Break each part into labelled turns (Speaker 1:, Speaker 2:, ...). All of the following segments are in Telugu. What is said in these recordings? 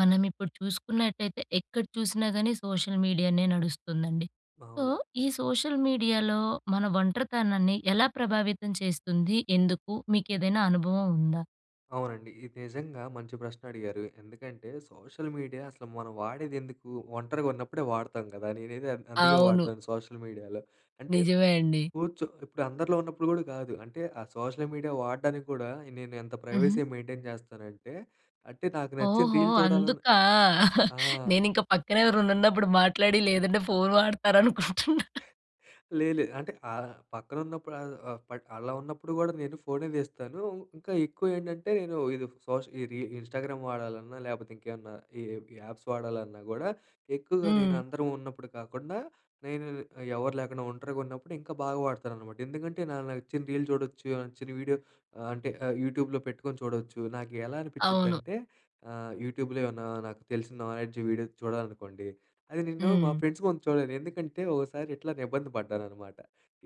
Speaker 1: మనం ఇప్పుడు చూసుకున్నట్లయితే ఎక్కడ చూసినా కాని సోషల్ మీడియానే నడుస్తుందండి. సో
Speaker 2: అవును.
Speaker 1: ఈ సోషల్ మీడియాలో మన ఒంటరితనాన్ని ఎలా ప్రభావితం చేస్తుంది? ఎందుకు? మీకు ఏదైనా అనుభవం ఉందా?
Speaker 2: అవునండి. ఇది నిజంగా మంచి ప్రశ్న అడిగారు. ఎందుకంటే సోషల్ మీడియా అసలు మనం వాడేదెందుకూ? ఒంటరిగా ఉన్నప్పుడే వాడతాం కదా. నేనైతే అందుకే
Speaker 1: అవును.
Speaker 2: వాడతాను సోషల్ మీడియాలో. అంటే
Speaker 1: నిజమే అండి.
Speaker 2: కూర్చో ఇప్పుడు అందరిలో ఉన్నప్పుడు కూడా కాదు. అంటే ఆ సోషల్ మీడియా వాడడానికి కూడా నేను ఎంత
Speaker 1: హుహు.
Speaker 2: ప్రైవసీ మెయింటైన్ చేస్తానంటే అంటే నాకు నచ్చిన
Speaker 1: ఓహో!
Speaker 2: రీల్ చూడాలన్నా
Speaker 1: అందుకా!
Speaker 2: ఆ!
Speaker 1: నేనింకా పక్కనెవరన్న ఉన్నప్పుడు మాట్లాడి లేదంటే ఫోన్ వాడతారనుకుంటున్నా!
Speaker 2: లే లే. అంటే ఆహ్, పక్కన ఉన్నప్పుడు ఆహ్, ప అలా ఉన్నప్పుడు కూడా నేను ఫోనే తీస్తానూ. ఇంకా ఎక్కువ ఏంటంటే నేను ఏదో ఇది సోష్ ఈ రీ ఇన్స్టాగ్రామ్ వాడాలన్నా లేకపోతే ఇంకేమన్నా ఈ యాప్స్ వాడాలన్నా కూడా ఎక్కువగా నేను
Speaker 1: హ్మ్.
Speaker 2: అందరం ఉన్నప్పుడు కాకుండా నేను ఇ ఎవరు లేకుండా ఒంటరిగా ఉన్నప్పుడు ఇంకా బాగ వాడతాననమాట. ఎందుకంటే నాకు నచ్చిన రీల్ చూడొచ్చు. నచ్చిన వీడియో ఆహ్, అంటే యూట్యూబ్‌లో పెట్టుకొని చూడొచ్చు. నాకు ఎలా
Speaker 1: అవును.
Speaker 2: అనిపించిద్దంటే ఆహ్, యూట్యూబ్‌లో ఏమన్నా నాకు తెలిసిన నాలెడ్జ్ వీడియో చూడాలనుకోండి అది నేను మా
Speaker 1: హ్మ్.
Speaker 2: ఫ్రెండ్స్ కోసం చూడను. ఎందుకంటే ఒకసారి ఇట్లానే ఇబ్బంది పడ్డాననమాట.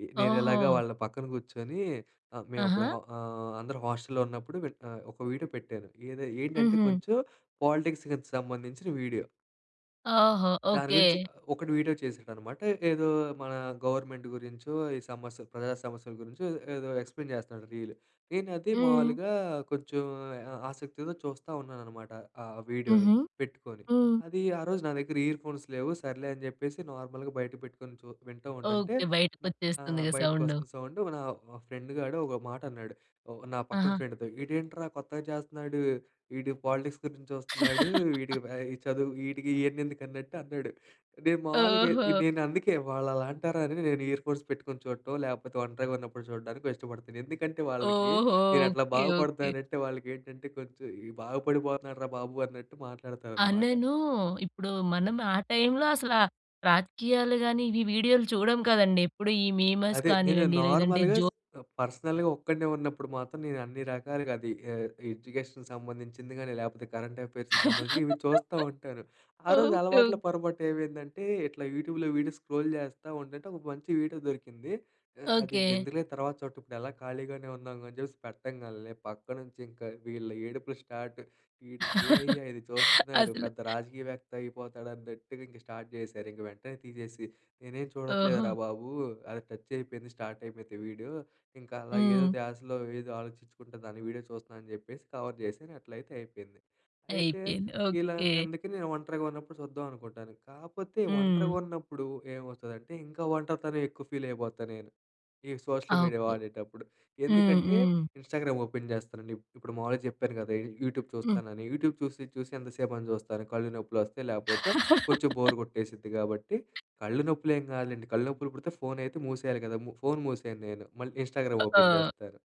Speaker 2: ఇ నేను ఎలాగా
Speaker 1: ఓహూ!
Speaker 2: వాళ్ళ పక్కన కూర్చొనీ ఆహ్, మేము అప్పుడు
Speaker 1: ఆహా!
Speaker 2: హ ఆహ్, అందరూ హాస్టల్లో ఉన్నప్పుడు వెట్ నా ఒక వీడియో పెట్టారు. ఏది ఏంటంటే
Speaker 1: హుహు.
Speaker 2: కొంచెం పాలిటిక్స్కిది సంబంధించిన వీడియో.
Speaker 1: ఆహా!
Speaker 2: దాని
Speaker 1: ఓకే.
Speaker 2: గురించి, ఒకడు వీడియో చేసాడనమాట. ఏదో మన గవర్నమెంట్ గురించో, ఈ సమస్య ప్రజా సమస్యలు గురించో, ఏదో ఎక్స్‌ప్లేన్ చేస్తన్నాడు రీల్. నేనది
Speaker 1: హ్మ్.
Speaker 2: మావులుగా, కొంచెం ఆ ఆసక్తితో చూస్తా ఉన్నాననమాట. ఆ వీడియోని,
Speaker 1: హుహు.
Speaker 2: పెట్టుకొని.
Speaker 1: హ్మ్.
Speaker 2: అది ఆరోజు నా దగ్గర ఇయర్ ఫోన్స్ లేవు. సర్లే అని చెప్పేసి నార్మల్‌గా బయట పెట్టుకొని చూ వింటూ ఉంటంటే
Speaker 1: ఓకే.
Speaker 2: న ఆహ్,
Speaker 1: బయటకొచ్చేస్తుందిగా
Speaker 2: బయటకి
Speaker 1: సౌండు.
Speaker 2: వస్తుంది సౌండ్. నా ఫ్రెండ్ గాడు ఒక మాట అన్నాడు ఒ నా పక్కన
Speaker 1: అహా!
Speaker 2: ఫ్రెండ్‌తో, "ఈడేంట్రా కొత్తగా చేస్తున్నాడు, ఈడు పాలిటిక్స్ గురించి చూస్తున్నాడు, వీడికి బ ఈ చదువు వీటికి ఇయన్ని ఎందుకు" అన్నట్టు అన్నాడు. నేను మావులుగా ఎ
Speaker 1: ఓహో!
Speaker 2: నేను అందుకే వాళ్ళు అలా అంటారా అనే నేను ఇయర్ ఫోన్స్ పెట్టుకొని చూడటం, లేకపోతే ఒంటరిగా ఉన్నప్పుడు చూడడానికో ఇష్టపడతాను. ఎందుకంటే వాళ్ళకి
Speaker 1: ఓహో!
Speaker 2: నేను అట్లా
Speaker 1: ఓకే. ఓకే.
Speaker 2: బాగుపడతానంటే వాళ్ళకి ఏంటంటే కొంచెం బాగుపడిపోతున్నాడురా బాబు అన్నట్టు
Speaker 1: ఆ!
Speaker 2: మాట్లాడతారనమాట.
Speaker 1: నేను ఇప్పుడు మనం ఆ టైమ్‌లో అసల రాజకీయాలు గాని ఇవి వీడియోలు చూడం కదండి. ఎప్పుడు ఈ మీమర్స్
Speaker 2: అదే నేను
Speaker 1: కానివ్వండి లేదంటే.
Speaker 2: నార్మల్‌గా, స్
Speaker 1: జో
Speaker 2: పర్సనల్‌గా ఒక్కడినే ఉన్నప్పుడు మాత్రం నేను అన్ని రకాలుగా అది ఆహ్, ఎడ్యుకేషన్‌కి సంబంధించింది గానీ, లేపోతే కరెంట్ అఫెయిర్స్‌కి సంబంధించి ఇవి చూస్తా ఉంటాను. ఆరోజు
Speaker 1: ఓకే.
Speaker 2: అలవాట్లో
Speaker 1: ఓకే.
Speaker 2: పొరపాటు ఏవైందంటే, ఇట్లా యూట్యూబ్‌లో వీడియో స్క్రోల్ చేస్తా ఉంటంటే ఒక మంచి వీడియో దొరికింది. ఆహ్, అది
Speaker 1: ఓకే.
Speaker 2: ఎందుకులే తర్వాత చూటం ఇప్పుడు ఎలాగో ఖాళీగానే ఉన్నాంగా అని చెప్పేసి పెట్టంగాల్నే, పక్క నుంచి ఇంకా వీళ్ళ ఏడుపులు స్టార్ట్. "వీడు చూడయ్యా ఇది చూస్తున్నాడు,
Speaker 1: అసలు
Speaker 2: పెద్ద రాజకీయ వేత్త అయిపోతాడు" అన్నట్టుగా ఇంక స్టార్ట్ చేశారు. ఇంక వెంటనే తీసేసి, నేనేం
Speaker 1: ఓహో!
Speaker 2: చూడట్లేదురా బాబు, అది టచ్ అయిపోయింది, స్టార్ట్ అయిపోతే వీడియో ఇంకా అలా ఏదో
Speaker 1: హ్మ్.
Speaker 2: ద్యాశ‌లో ఏదో ఆలోచించుకుంట దాని వీడియో చూస్తున్నాను అని చెప్పేసి కవర్ చేశాను. అట్లయితే అయిపోయింది. అయితే,
Speaker 1: అయిపోయింది.
Speaker 2: ఇలా
Speaker 1: ఓకే.
Speaker 2: అందుకని నేను ఒంటరిగా ఉన్నప్పుడు చూద్దాం అనుకుంటాను. కాపోతే
Speaker 1: హ్మ్.
Speaker 2: ఒంటరిగా ఉన్నప్పుడు ఏమవుతదంటే, ఇంకా ఒంటరితనం ఎక్కువ ఫీల్ అయిపోతా నేను. ఈ సోషల్ మీడియా
Speaker 1: ఓకే.
Speaker 2: వాడేటప్పుడు.
Speaker 1: హ్మ్.
Speaker 2: ఎందుకంటే,
Speaker 1: హ్మ్.
Speaker 2: ఇన్‌స్టాగ్రామ్ ఓపెన్ చేస్తానండి. ఇప్ ఇప్పుడు మామూలుగా చెప్పాను గదా! యు యూట్యూబ్
Speaker 1: హ్మ్.
Speaker 2: చూస్తానని. యూట్యూబ్ చూసి, చూసి ఎంతసేపని చూస్తాను, కళ్ళు నొప్పులు వస్తాయి, లేపోతే కొంచెం బోర్ కొట్టేసిద్ది కాబట్టి కళ్ళు నొప్పులు ఏం కదులేండి, కళ్ళు నొప్పులు పుడితే ఫోన్ అయితే మూసేయాలి గదా! ము ఫోన్ మూసేయను నేను, మళ్ళీ ఇన్‌స్టాగ్రామ్
Speaker 1: అ
Speaker 2: ఓపెన్
Speaker 1: ఆవ్
Speaker 2: చేస్తాను.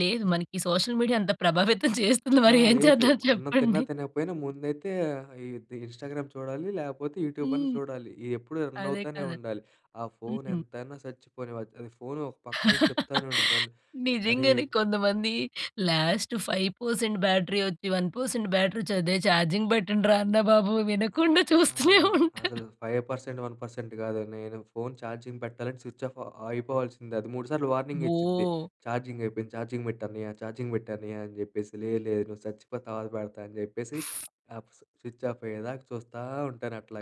Speaker 1: లేదు. మనకి సోషల్ మీడియా అంత ప్రభావితం చేస్తుంది
Speaker 2: ఆ!
Speaker 1: మరేం
Speaker 2: లేదు
Speaker 1: చేద్దాం
Speaker 2: మ అన్నం తిన్నా
Speaker 1: చెప్పండి.
Speaker 2: తినకపోయినా ముందైతే ఆహ్, ఇది ఇన్‌స్టాగ్రామ్ చూడాలి లేపోతే, యూట్యూబన్నా
Speaker 1: హ్మ్.
Speaker 2: చూడాలి. ఇయ్యెప్పుడు రన్
Speaker 1: అదే
Speaker 2: అవుతానే
Speaker 1: కదా!
Speaker 2: ఉండాలి. ఆ ఫోన్
Speaker 1: హ్మ్.
Speaker 2: ఎంతైనా సచ్చిపోనివ్ అద్ అది ఫోను ఒక పక్కనుంచి చెప్తానే ఉండిది నన్ను అరే
Speaker 1: నిజంగానే కొంతమంది. లాస్ట్ 5% వచ్చి, బ్యాటరీ 1% బ్యాటరీ వచ్చి అదే ఛార్జింగ్ పెట్టండిరా అన్న బాబు వినకుండా చూస్తూనే
Speaker 2: ఆహ్,
Speaker 1: ఉంటారు.
Speaker 2: అసలు 5% 1% కాదు. నేను ఫోన్ ఛార్జింగ్ పెట్టాలంటే స్విచ్ ఆఫ్ అయిపోవాల్సిందే. అది మూడు సార్లు వార్నింగే ఇచ్చిద్ది
Speaker 1: ఓహ్!
Speaker 2: ఛార్జింగ్ అయిపోయింది ఛార్జింగ్ పెట్టన్నయ్యా ఛార్జింగ్ పెట్టన్నయ్యా అని చెప్పేసి లేదు, లేదు నువ్వు సచ్చిపో తర్వాత పెడతా అని చెప్పేసి. ఆహ్, ఫ్ స్విచ్ ఆఫ్ అయ్యేదాకా చూస్తా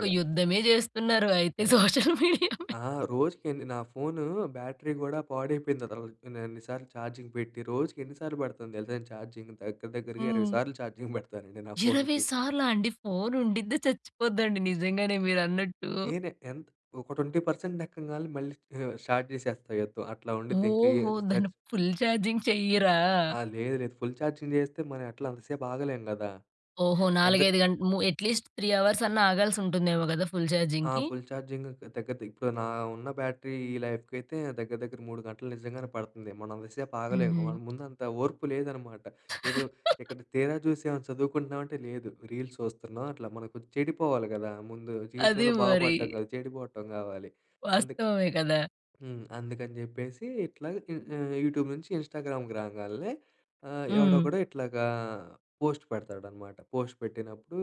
Speaker 1: ఒక యుద్ధమే చేస్తున్నారు అయితే
Speaker 2: పెం
Speaker 1: సోషల్ మీడియా మీ
Speaker 2: ఆ! రోజుకెన్ని నా ఫోను బ్యాటరీ గూడా పాడైపోయింది [unintelligible] నేను అన్ని సార్లు ఛార్జింగ్ పెట్టి. రోజుకి ఎన్ని సార్లు పడుతాను తెలుసా ఛార్జింగ్ దగ్గర, దగ్గరగా ఇరవై
Speaker 1: హ్మ్.
Speaker 2: సార్లు ఛార్జింగ్ పెడతానండి నా
Speaker 1: 20
Speaker 2: ఫోన్‌కి.
Speaker 1: సార్లా అండి! ఫోన్ ఉండిద చచ్చిపోదండి నిజంగానే మీరన్నట్టు.
Speaker 2: నేనే ఎంత్ ఒక 20% ఎక్కంగాల్నే మళ్ళీ ఆహ్, స్టార్ట్ చేసేస్తా యుద్ధం అట్లా ఉండిద్ది ఇంకా ఎ
Speaker 1: ఓహో! దాన్ని
Speaker 2: సచ్
Speaker 1: ఫుల్ చార్జింగ్ చెయ్యరా?
Speaker 2: ఆహ్, లేదు లేదు ఫుల్ ఛార్జింగ్ చేస్తే మన ఎట్లా అంత సేపు ఆగలేము కదా!
Speaker 1: ఓహో!
Speaker 2: ఎందెక్
Speaker 1: 4,5 గంట ము అట్లీస్ట్ 3 అవర్స్ అన్నా ఆగాల్సుంటుందేమో గదా! ఫుల్
Speaker 2: ఆ!
Speaker 1: ఛార్జింగ్‌కి.
Speaker 2: ఫుల్ ఛార్జింగ్ దగ్గర, దగ్గర ఇప్పుడు నా ఉన్న బ్యాటరీ ఈ లైఫ్‌కి అయితే దగ్గర, దగ్గర 3 గంటలు నిజంగానే పడుతంది. మనం అంతసేపు ఆగలేము. మన
Speaker 1: హుహు.
Speaker 2: ముందు అంత ఓర్పు లేదనమాట. ఏదో ఇక్కడ తీరా చూసి ఏమన్నా చదువుకుంటున్నామంటే లేదు, రీల్స్ చూస్తున్నాం. అట్లా మనకు చెడిపోవాలి గదా! ముందు
Speaker 1: అదే
Speaker 2: జీవితంలో
Speaker 1: మరి.
Speaker 2: బాగుపడటం కాదు, చెడిపోవటం కావాలి. అందుకు
Speaker 1: వాస్తవమే కదా!
Speaker 2: హ్మ్. అందుకని జెప్పేసి ఇట్లాగా ఇ ఆహ్, యూట్యూబ్ నుంచి ఇన్‌స్టాగ్రామ్‌కి రాంగాల్నే, ఆహ్,
Speaker 1: హ్మ్.
Speaker 2: ఎవడోకడు ఇట్లాగా పోస్ట్ పెడతాడనమాట. పోస్ట్ పెట్టినప్పుడు,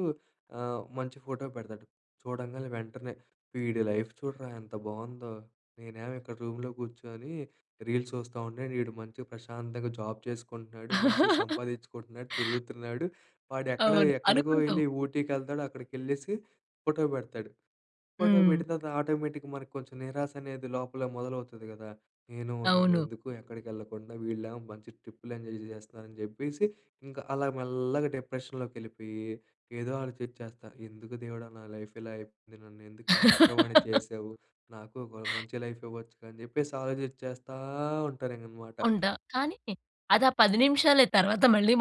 Speaker 2: ఆహ్, మంచి ఫోటో పెడతాడు. చూడంగానే వెంటనే వీడి లైఫ్ చూడరా ఎంత బావుందో, నేనేమో ఇక్కడ రూమ్‌లో కూర్చొని రీల్స్ చూస్తా ఉండే, ఈడు మంచిగా ప్రశాంతంగా జాబ్ చేసుకుంటున్నాడు, మంచిగా సంపాదించుకుంటున్నాడు, తిరుగుతున్నాడు. వాడు ఎక్కడ
Speaker 1: అవును.
Speaker 2: ఎక్కడికో
Speaker 1: అనుకుంటావు.
Speaker 2: వెళ్లి ఊటీకెళ్తాడు, అక్కడికి ఎళ్ళేసి ఫోటో పెడతాడు. ఫోటో
Speaker 1: హ్మ్.
Speaker 2: పెట్టిన తర్వాత ఆటోమేటిక్‌గా మనకి కొంచెం నిరాశ అనేది లోపలే మొదలవుతది కదా! నేను ఉన్నాను
Speaker 1: అవును.
Speaker 2: ఎందుకు ఎక్కడికి వెళ్ళకుండా, వీళ్ళేమో మంచి ట్రిప్పుల్లెంజాయ్ జేస్తున్నారని చెప్పేసి ఇంకా అలా మెల్లగా డిప్రెషన్‌లోకి ఎళ్ళిపోయి, ఏదో ఆలోచించేస్తా. ఎందుకు దేవుడా నా లైఫ్ ఇలా అయిపోయింది, నన్ను ఎందుకు ఇలా ఒంటరవాన్ని చేసావు, నాకు ఒక మంచి లైఫ్ ఇవ్వచ్చుగా అని చెప్పేసి ఆలోచించేస్తా ఉంటానింగనమాట.
Speaker 1: ఉంటా. కానీ అదా 10 నిమిషాలే తర్వాత మళ్ళీ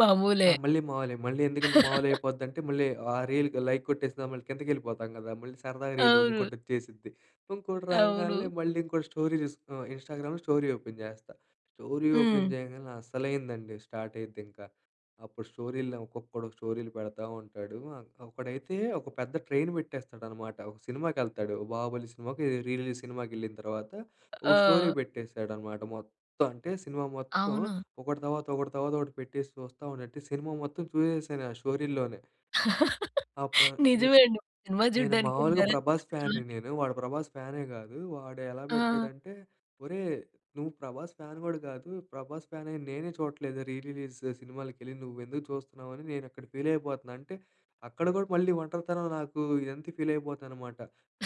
Speaker 2: ఆ!
Speaker 1: మామూలే.
Speaker 2: మళ్ళీ మావులే. మళ్ళీ ఎందుకంటే మామూలు అయిపోద్దీ అంటే మళ్ళీ ఆ రీల్‌కి లైక్ కొట్టేసిన, మళ్ళీ కిందకెళ్ళిపోతాం కదా! మళ్ళీ సరదాగా రీల్
Speaker 1: అవును.
Speaker 2: వుంకోటొచ్చేసిద్ది. వుంకోటి
Speaker 1: అవును.
Speaker 2: రాంగాల్నే మళ్ళీ ఇంకోటి స్టోరీస్, ఇన్‌స్టాగ్రామ్‌లో స్టోరీ ఓపెన్ చేస్తా. స్టోరీ ఓపెన్
Speaker 1: హ్మ్.
Speaker 2: చేయంగానే అస్సలైందండి, స్టార్ట్ అయిద్దింకా. అప్పుడు స్టోరీలు ఒక్కొకడు స్టోరీలు పెడతా ఉంటాడు, ఆన్ ఒకడైతే ఒక పెద్ద ట్రైన్ పెట్టేస్తాడనమాట. ఒక సినిమాకెళ్తాడు, 'బాహుబలి' సినిమాకో ఏదో రీ రిలీజ్ సినిమాకెళ్ళిన తర్వాత ఒక స్టోరీ
Speaker 1: ఆ!
Speaker 2: పెట్టేసాడనమాట. మొత్తం అంటే సినిమా మొత్తం
Speaker 1: అవును.
Speaker 2: ఒకటి తర్వాత ఒకటి తర్వాత ఒకటి పెట్టేసి చూస్తా ఉంటంటే సినిమా మొత్తం చూసేసాను ఆ స్టోరీల్లోనే. అప్పుడా నే
Speaker 1: నిజమే అండి సినిమా
Speaker 2: నేను
Speaker 1: చూడ్డానికి
Speaker 2: మామూలుగా
Speaker 1: వెళ్ళారా
Speaker 2: ప్రభాస్
Speaker 1: అసల?
Speaker 2: ఫ్యాన్‌ని నేను, వాడు ప్రభాస్ ఫ్యానే కాదు. వాడెలా
Speaker 1: ఆ!
Speaker 2: పెట్టాడంటే, ఒరే నువ్వు ప్రభాస్ ఫ్యాన్ కూడా కాదు, ప్రభాస్ ఫ్యానై నేనే చూడట్లేదు రీ రిలీజ్ స్ సినిమాలకి వెళ్ళి నువ్వు ఎందుకు చూస్తున్నావు అని నేను అక్కడ ఫీల్ అయిపోతున్నా అంటే అక్కడ గూడా మళ్ళీ ఒంటరితనం నాకు ఇదంతా ఫీల్ అయిపోతా అనమాట.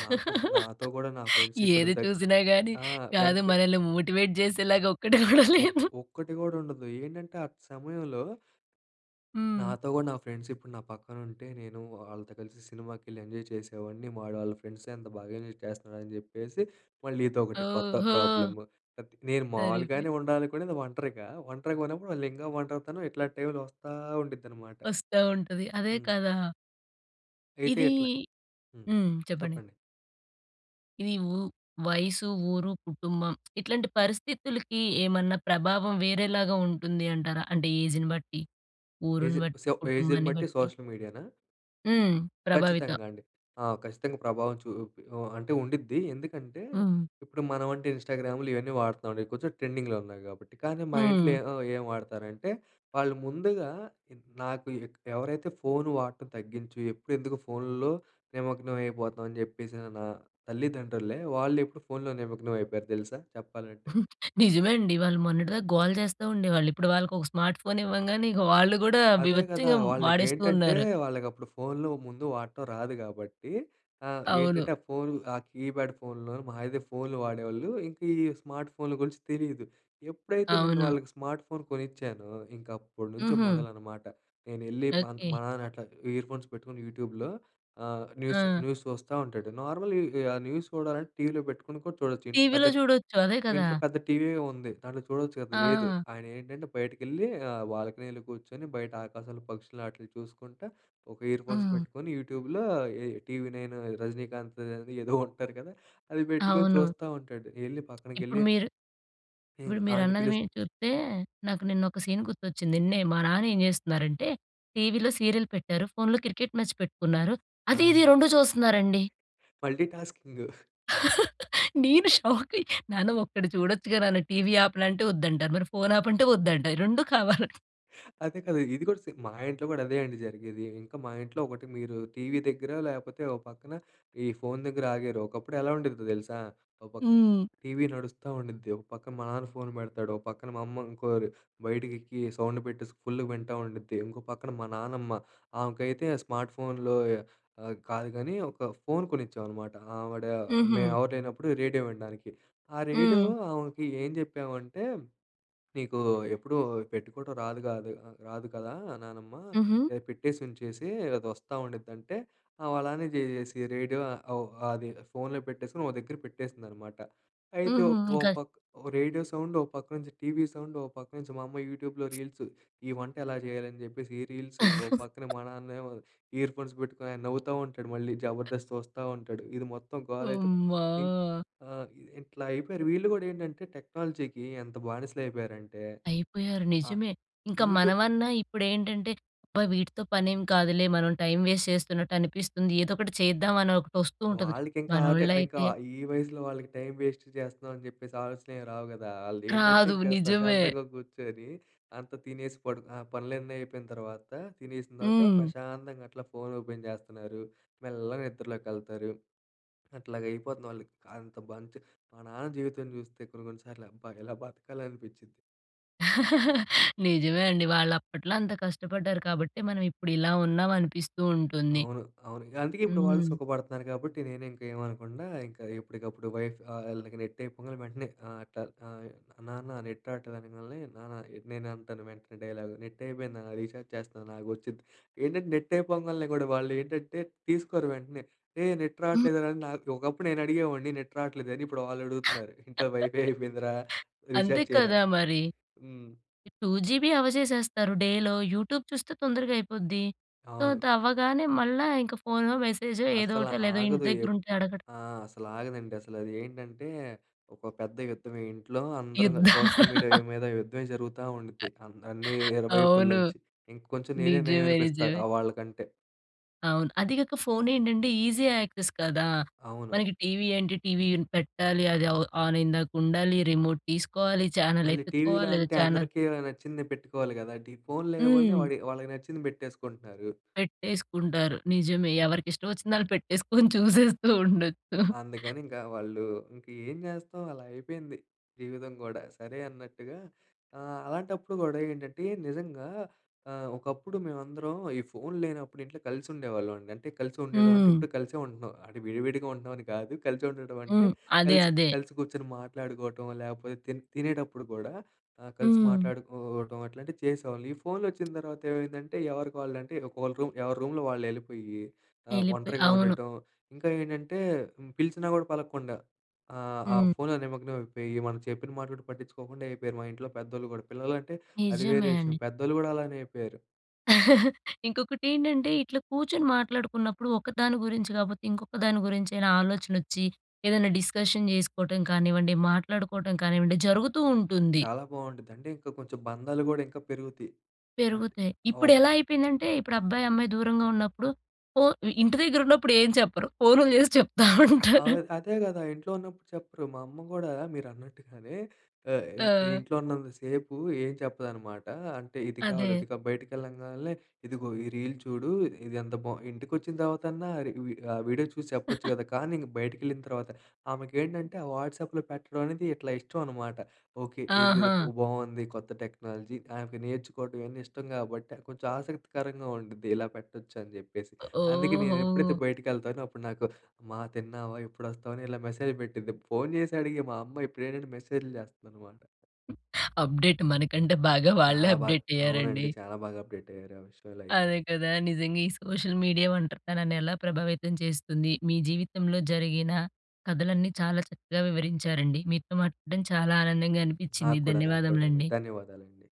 Speaker 2: నాకు నాతో కూడా నా ఫ్రెండ్స్ ఇప్పుడు
Speaker 1: ఏది
Speaker 2: దా
Speaker 1: చూసినా గానీ,
Speaker 2: ఆ!
Speaker 1: కాదు,
Speaker 2: వెంటనే
Speaker 1: మనల్ని మోటివేట్ చేసేలాగా ఒక్కటి గూడా
Speaker 2: ఒక్
Speaker 1: లేదు.
Speaker 2: ఒక్కటి గూడా ఉండదు ఏంటంటే ఆ! సమయంలో
Speaker 1: హ్మ్.
Speaker 2: నాతో గూడా నా ఫ్రెండ్స్ ఇప్పుడు నా పక్కన ఉంటే నేను వాళ్ళతో కలిసి సినిమాకెళ్ళి ఎంజాయ్ చేసేవాడిని వాడు ఆళ్ళ ఫ్రెండ్స్‌తో ఎంత బాగా ఎంజాయ్ చేస్తున్నాడు అని జెప్పేసి, మళ్ళీ ఇదొకటి కొత్త
Speaker 1: ఓహో!
Speaker 2: ప్రాబ్లమ్. నేను
Speaker 1: సరిపోయి
Speaker 2: మావులుగానే ఉండాలనుకునే ఒంటరిగా. ఒంటరిగా ఉన్నప్పుడు మళ్ళింకా ఒంటరితనం ఇట్లాంటి టైమ్‌లో వస్తా ఉండిదనమాట.
Speaker 1: వస్తా ఉంటది. అదే
Speaker 2: హ్మ్.
Speaker 1: కదా!
Speaker 2: అయితే
Speaker 1: ఇది
Speaker 2: ఇట్లా హ్మ్.
Speaker 1: హ్మ్. చెప్పండి.
Speaker 2: చెప్పండి.
Speaker 1: ఇది ఊ వయసు, ఊరు, కుటుంబం ఇట్లాంటి పరిస్థితులకి ఏమన్నా ప్రభావం వేరేలాగా ఉంటుంది అంటారా? అంటే ఏజ్‌ని బట్టి, ఊరుని
Speaker 2: ఏజే.
Speaker 1: బట్టి,
Speaker 2: సో, ఏజ్‌ని
Speaker 1: కుటుంబాన్ని
Speaker 2: బట్టి
Speaker 1: బట్టి.
Speaker 2: సోషల్ మీడియానా?
Speaker 1: హ్మ్. ప్రభావిత.
Speaker 2: ఖచ్చితంగా అండి. ఆ! ఖచ్చితంగా ప్రభావం చూపి ఓ అంటే ఉండుద్ది. ఎందుకంటే,
Speaker 1: హ్మ్.
Speaker 2: ఇప్పుడు మనమంటే ఇన్‌‌స్టా‌గ్రామ్‌లు ఇవన్నీ వాడుతున్నాం అండి. కొంచెం ట్రెండింగ్‌లో ఉన్నాయి కాబట్టి. కానీ మా ఇంట్లో
Speaker 1: హ్మ్.
Speaker 2: ఏ ఆహ్, ఏం వాడతారంటే, వాళ్ళు ముందుగా నాకు ఎవరైతే ఫోన్ వాడటం తగ్గించు ఎప్పుడు ఎందుకు ఫోన్‌లో నిమగ్నం అయిపోతావ్? అని చెప్పేసి న నా తల్లిదండ్రులే వాళ్ళు ఇప్పుడు ఫోన్‌లో నిమగ్నం అయిపోయారు తెలుసా? చెప్పాలంటే.
Speaker 1: నిజమే అండి. వాళ్ళు మొన్నటిదాకా గోల చేస్తా ఉండేవాళ్ళు. ఇప్పుడు వాళ్ళకొక స్మార్ట్ ఫోన్ ఇవ్వంగానే ఇక వాళ్ళు గూడా
Speaker 2: అదే కదా!
Speaker 1: బీభత్సంగం వాడేస్తూ
Speaker 2: వాళ్ళకేంటంటే,
Speaker 1: ఉన్నారు.
Speaker 2: వాళ్ళకప్పుడు ఫోన్‌లు ముందు వాడటం రాదు గాబట్టి ఆహ్,
Speaker 1: అవును.
Speaker 2: ఏంటంటే ఆ ఫోన్ ఆ కీప్యాడ్ ఫోన్‌‌లు మహా అయితే ఫోన్‌లు వాడేవాళ్ళు. ఇంక ఈ స్మార్ట్ ఫోన్‌లు గురించి తెలీదు. ఎప్పుడైతే నేను
Speaker 1: అవును.
Speaker 2: వాళ్ళకి స్మార్ట్ ఫోన్ కొనిచ్చానో, ఇంకప్పటి నుంచి
Speaker 1: హుహు.
Speaker 2: మొదలనమాట. నేనెళ్ళి మా
Speaker 1: ఓకే.
Speaker 2: మా నాన్న అట్లాగ ఇయర్ ఫోన్స్ పెట్టుకొని యూట్యూబ్‌లో ఆహ్, న్యూస్,
Speaker 1: ఆ!
Speaker 2: న్యూస్ చూస్తా ఉంటాడు. నార్మలే ఆ న్యూస్ చూడాలంటే టీవీలో పెట్టుకొని కూడా చూడొచ్చు. ఇంట్లో
Speaker 1: టీవీలో
Speaker 2: పెద్దట్
Speaker 1: చూడొచ్చు. అదే కదా!
Speaker 2: ఇంట్లో పెద్ద టీవీయే ఉంది. దాంట్లో చూడొచ్చు కదా! లేదు.
Speaker 1: ఆ!
Speaker 2: ఆయన ఏంటంటే బయటకెళ్ళి ఆ బాల్కనీలో కూర్చొని బయట ఆకాశాలు, పక్షులు ఆటిని చూసుకుంటా ఒక ఇయర్ ఫోన్స్
Speaker 1: హ్మ్.
Speaker 2: పెట్టుకొని యూట్యూబ్‌లోయే ఈ 'టీవీ నైన్' ఈ 'రజనీకాంత్‌దని' ఏదో ఉంటారు కదా! అది పెట్టుకొని
Speaker 1: అవును.
Speaker 2: చూస్తా ఉంటాడు. ఎళ్ళి
Speaker 1: ఇప్పుడు
Speaker 2: పక్కనకెళ్ళి
Speaker 1: మీరు
Speaker 2: హ్మ్.
Speaker 1: ఇప్పుడు
Speaker 2: ఆయన్ని
Speaker 1: మీరన్నది
Speaker 2: పిలుస్
Speaker 1: మీ చూత్తే నాకు నిన్నొక సీన్ గుర్తొచ్చింది. నిన్నే మా నాన్న ఏం చేస్తున్నారంటే, టీవీలో సీరియల్ పెట్టారు. ఫోన్‌లో క్రికెట్ మ్యాచ్ పెట్టుకున్నారు.
Speaker 2: ఆ!
Speaker 1: అది ఇది రెండు చూస్తున్నారండి.
Speaker 2: Multitasking.
Speaker 1: నేను షాకయ్య. నాన్న ఒక్కటి చూడొచ్చుగా నాన్న, టీవీ ఆపానా? అంటే ఒద్దంటారు. మరి ఫోన్ ఆపంటే ఒద్దంట. రెండు కావాలి.
Speaker 2: అదే కదా! ఇది కూడా సేమ్. మా ఇంట్లో కూడా అదే అండి జరిగేది. ఇంకా మా ఇంట్లో ఒకటి మీరు టీవీ దగ్గర లేపోతే, ఓ పక్కన ఈ ఫోన్ దగ్గర ఆగారు. ఒకప్పుడెలా ఉండేదో తెలుసా? ఓ పక్కన
Speaker 1: హ్మ్.
Speaker 2: టీవీ నడుస్తా ఉండుద్ది. ఒక పక్కన మా నాన్న ఫోన్ పెడతాడు. ఒక పక్కన మా అమ్మ ఇంకోరు బయటికెళ్ళి సౌండ్ పెట్టేసి ఫుల్‌గా వింటా ఉండుద్ది. ఇంకో పక్కన మా నాన్నమ్మ, ఆమెకైతే ఆ స్మార్ట్ ఫోన్‌లో ఆహ్, కాదు గానీ ఒక ఫోన్ కొనిచ్చామనమాట. ఆవిడ
Speaker 1: హుహు.
Speaker 2: మేమెవరు లేనప్పుడు రేడియో వినడానికి. ఆ రేడియో
Speaker 1: హ్మ్.
Speaker 2: ఆమెకి ఏం చెప్పామంటే, నీకు ఎప్పుడూ పెట్టుకోవడం రాదు కాదు ఆహ్, రాదు కదా నానమ్మ,
Speaker 1: హుహు.
Speaker 2: ఏ పెట్టేసి ఉంచేసి అది వస్తా ఉండిద్డి అంటే, ఆమలానే చేసేసి రేడియో ఆహ్, ఓహ్, అది ఫోన్‌లో పెట్టేసుకొని ఒక దగ్గర పెట్టేసిందన్నమాట. అయితే ఓ
Speaker 1: హుహు.
Speaker 2: ఓ
Speaker 1: ఇంకా
Speaker 2: పక్క రేడియో సౌండ్, ఓ పక్క నుంచి టీవీ సౌండ్, ఓ పక్క నుంచి మా అమ్మ యూట్యూబ్‌లో రీల్స్ ఈ వంట ఎలా చేయాలి? అని చెప్పేసి ఈ రీల్స్. ఓ పక్కన మా నాన్నేమో ఇయర్ ఫోన్స్ పెట్టుకొని నవ్వుతా ఉంటాడు మళ్ళీ. జబర్దస్త్ చూస్తా ఉంటాడు. ఇది మొత్తం గోలైతే
Speaker 1: అమ్మా!
Speaker 2: ఇంక్ ఆహ్, ఇది ఇట్లా అయిపోయారు. వీళ్ళు గూడా ఏంటంటే టెక్నాలజీకి ఎంత బానిసలు అయిపోయారంటే.
Speaker 1: అయిపోయారు.
Speaker 2: అ
Speaker 1: నిజమే. ఇంకా
Speaker 2: యూట్యూబ్
Speaker 1: మనమన్నా ఇప్పుడేంటంటే అబ్బా! వీటితో పనేం కాదులే, మనం టైమ్ వేస్ట్ చేస్తున్నట్టనిపిస్తుంది. ఏదోకటి చేద్దాం అని ఒకటి వస్తూ ఉంటది.
Speaker 2: వాళ్ళకింకా ఆటే. ఆహ్, ఇంకా
Speaker 1: మనోళ్ళైతే
Speaker 2: ఈ వయసులో వాళ్ళకి టైమ్ వేస్ట్ చేస్తున్నాం అని చెప్పేసి ఆలోచనేమి రావు కదా! వాళ్ళు ఏంటంటే
Speaker 1: కాదు
Speaker 2: ఇంకా
Speaker 1: నిజమే.
Speaker 2: ప్రశాంతంగా కూర్చొని అంతా తినేసి పడుకు ఆ పనులన్నీ అయిపోయిన తర్వాత తినేసిన తర్వాత
Speaker 1: హ్మ్.
Speaker 2: ప్రశాంతంగా అట్లా ఫోన్ ఓపెన్ చేస్తున్నారు. మెల్లగా నిద్రలోకెళ్తారు. అట్లాగా అయిపోతుంది వాళ్ళకి. అంత మంచి మా నాన్న జీవితం చూస్తే కొన్ని, కొన్ని సార్లు అబ్బా! ఇలా బతకాలనిపిచ్చిద్ది.
Speaker 1: నిజమే అండి. వాళ్లు అప్పట్లో అంత కష్టపడ్డారు కాబట్టి, మనం ఇప్పుడు ఇలా ఉన్నాం అనిపిస్తు వుంటుంది.
Speaker 2: అవును, అవును. అందుకే ఇప్పుడు వాళ్ళు
Speaker 1: హ్మ్.
Speaker 2: సుఖపడుతున్నారు. కాబట్టి నేను ఇంకా ఏమనకుండా, ఇంకా ఎప్పటికప్పుడు వైఫ్ వాళ్ళకి నెట్ అయిపోంగనే వెంటనే ఆహ్, అట్లా ఆహ్, నాన్న నెట్ రావట్లేదు అనంగాలనే, నాన్న నేను అంటాను వెంటనే డైలాగ్, నెట్ అయిపోయింది నాన్న, రీచార్జ్ చేస్తున్నా ఆగు వచ్చిద్ది. ఏంటంటే నెట్ అయిపోంగాల్నే కూడా వాళ్ళు ఏంటంటే తీసుకోరు వెంటనే. ఏహ్! నెట్ రావట్లేదురా నా ఒకప్పుడు నేను అడిగేవాడిని నెట్ రావట్లేదని, ఇప్పుడు వాళ్ళు అడుగుతున్నారు. ఇంట్లో వైఫై అయిపోయిందిరా,
Speaker 1: అంతే
Speaker 2: రీచార్జ్ చేయరా
Speaker 1: కదా
Speaker 2: అని.
Speaker 1: మరి.
Speaker 2: హ్మ్.
Speaker 1: 2 జీబీ అవ్వచేసేస్తారు డేలో, యూట్యూబ్ చూస్తే తొందరగా అయిపోద్ది. సో
Speaker 2: అవును.
Speaker 1: అది అవ్వగానే మళ్ళ ఇంక ఫోన్‌లో, మెసేజో ఏదో
Speaker 2: అసలు
Speaker 1: ఒకటో, లేదో ఇంటి
Speaker 2: ఆగదు
Speaker 1: దగ్గర
Speaker 2: ఎప్
Speaker 1: ఉంటే అడగడం.
Speaker 2: ఆ! అసలు ఆగదండి. అసలు అది ఏంటంటే? ఒక పెద్ద యుద్ధమే. ఇంట్లో అందరం క
Speaker 1: యుద్ధ
Speaker 2: సోషల్ మీడియా మీద యుద్ధమే జరుగుతా ఉండిద్ది, అన్ని ఇరువైపుల
Speaker 1: అవును.
Speaker 2: నుంచి. ఇంకొంచెం నేనే నెయ్యం
Speaker 1: నిజమే
Speaker 2: అనిపిస్తా
Speaker 1: నిజమే.
Speaker 2: ఆహ్, వాళ్ళ కంటే.
Speaker 1: అవును. అది కాక ఫోన్ ఏంటంటే ఈజీ యాక్సెస్ కదా!
Speaker 2: అవును.
Speaker 1: మనకి టీవీ ఏంటి? టీవీ పెట్టాలి, అది ఆన్ అయ్యిందాక ఉండాలి, రిమోట్ తీసుకోవాలి, ఛానల్
Speaker 2: మళ్ళీ టీవీలో
Speaker 1: వెతుక్కోవాలి, లేదా
Speaker 2: అంటే
Speaker 1: ఛానల్
Speaker 2: అందరికి నచ్చింది పెట్టుకోవాలి కదండీ! ఫోన్‌లో ఏముంది
Speaker 1: హ్మ్.
Speaker 2: వాడి వాళ్ళకి నచ్చింది పెట్టేసుకుంటున్నారు.
Speaker 1: పెట్టేసుకుంటారు. నిజమే ఎవరికి ఇష్టం వచ్చింది వాళ్ళు పెట్టేసుకొని చూసేస్తూ ఉండొచ్చు.
Speaker 2: అందుకని ఇంకా వాళ్ళు ఇంక ఏం చేస్తాం అలా అయిపోయింది జీవితం కూడా. సరే అన్నట్టుగా ఆహ్ అలాంటప్పుడు కూడా ఏంటంటే, నిజంగా ఆహ్ ఒకప్పుడు మేమందరం ఈ ఫోన్ లేనప్పుడు ఇంట్లో కలిసి ఉండేవాళ్ళం అండి. అంటే కలిసి ఉండడం అంటే
Speaker 1: హ్మ్.
Speaker 2: ఇప్పుడు కలిసే ఉంటున్నాం, అంటే విడివిడిగా ఉంటున్నామని కాదు. కలిసి ఉండడం అంటే,
Speaker 1: హ్మ్. అదే
Speaker 2: కలిసి,
Speaker 1: అదే.
Speaker 2: కలిసి కూర్చొని మాట్లాడుకోవటం, లేకపోతే తి తినేటపుడు కూడా, ఆ! కలిసి
Speaker 1: హ్మ్.
Speaker 2: మాట్లాడుకోవడం అట్లాంటివి చేసేవాళ్ళం. ఈ ఫో‌న్‌లోచ్చిన తర్వాత ఏమైందంటే, ఎవరికి వాళ్ళ అంటే ఒక రూమ్ ఎవరి రూమ్‌లో వాళ్ళు వెళ్ళిపోయి, ఆహ్,
Speaker 1: ఎళ్ళిపోయి
Speaker 2: ఒంటరిగా
Speaker 1: అవును.
Speaker 2: ఉండటం. ఇంకా ఏంటంటే పిలిచినా కూడా పలకకుండా, ఆహ్, ఆ
Speaker 1: హ్మ్.
Speaker 2: ఫోన్‌లో నిమగ్నం అయిపోయి, మనం చెప్పిన మాటలు కూడా పట్టించుకోకుండా అయిపోయారు, మా ఇంట్లో పెద్దోళ్ళు కూడా. పిల్లలంటే అది వేరే
Speaker 1: నిజమే
Speaker 2: విషయం,
Speaker 1: అండి.
Speaker 2: పెద్దోళ్ళు కూడా అలానే అయిపోయారు.
Speaker 1: ఇంకొకటి ఏంటంటే, ఇట్ల కూర్చొని మాట్లాడుకున్నప్పుడు. ఒకదాని గురించి కాకపోతే ఇంకొక దాని గురించైనా, ఆలోచన వచ్చి ఏదైనా డిస్కషన్ చేసుకోవటం కానివ్వండి, మాట్లాడుకోవటం కానివ్వండి, జరుగుతూ ఉంటుంది.
Speaker 2: చాలా బావుంటుందండి! ఇంకా కొంచెం బంధాలు కూడా, ఇంకా పెరుగుతాయి.
Speaker 1: పెరుగుతాయి.
Speaker 2: ఆ
Speaker 1: ఇప్పుడు ఎలా అయిపోయిందంటే ఇప్పుడు అబ్బాయి, అమ్మాయి దూరంగా ఉన్నప్పుడు ఓ! ఇంటి దగ్గర ఉన్నప్పుడు ఏం చెప్పరు. ఫోన్లు చేసి చెప్తా ఉంటారు.
Speaker 2: అవును అదే కదా! ఇంట్లో ఉన్నప్పుడు చెప్పరు. మా అమ్మ కూడా మీరన్నట్టుగానే ఆహ్,
Speaker 1: ఆ!
Speaker 2: ఇంట్లో ఉన్నంత సేపు ఏం చెప్పదనమాట. అంటే ఇది కావాలి,
Speaker 1: అదే.
Speaker 2: ఇది కావాలి, బయటికి వెళ్ళంగానే, ఇదిగో ఈ రీల్ చూడు, ఇది ఎంత బావుందో! ఇంటికి వచ్చిన తర్వాతన్నా ఆహ్, వీడియో చూసి చెప్పొచ్చు కదా! కానీ ఇంక బయటికి వెళ్ళిన తర్వాత, ఆమెకి ఏంటంటే, ఆ వాట్సాప్లో పెట్టడం అనేది ఇట్లా ఇష్టమనమాట. ఓకె ఇది
Speaker 1: ఆహా!
Speaker 2: బాగుంది. కొత్త టెక్నాలజీ ఆమెకు నేర్చుకోవడం ఇవన్నీ ఇష్టం కాబట్టి, కొంచెం ఆసక్తికరంగా ఉంటది. ఇలా పెట్టొచ్చని చెప్పేసి. అందుకే నేను ఎప్పుడైతే
Speaker 1: ఓహో!
Speaker 2: బయటికి వెళ్తానో, అప్పుడు నాకు అమ్మా తిన్నావా? ఎప్పుడొస్తావని ఇలా మెసేజ్లు పెట్టిద్ది. ఫోన్ చేసడిగే మా అమ్మ ఇప్పుడేంటంటే మెసేజ్లు చేస్తదనమాట.
Speaker 1: అప్డేట్ మనకంటే బాగా వాళ్ళే
Speaker 2: చాలా బాగా.
Speaker 1: అప్డేట్ అయ్యారండి.
Speaker 2: అవునండి. చాలా బాగా అప్డేట్ అయ్యారు. ఆ విషయాల్లో అయితే.
Speaker 1: అదే కదా! నిజంగా ఈ సోషల్ మీడియా ఒంటరితనాన్ని ఎలా ప్రభావితం చేస్తుంది. మీ జీవితంలో జరిగిన కథలన్నీ, చాలా చక్కగా వివరించారండి. మీతో మాట్లాడడం చాలా ఆనందంగా అనిపించింది.
Speaker 2: నాకు కూడా, నాకు కూడా అండి.
Speaker 1: ధన్యవాదములండి.
Speaker 2: ధన్యవాదాలండి.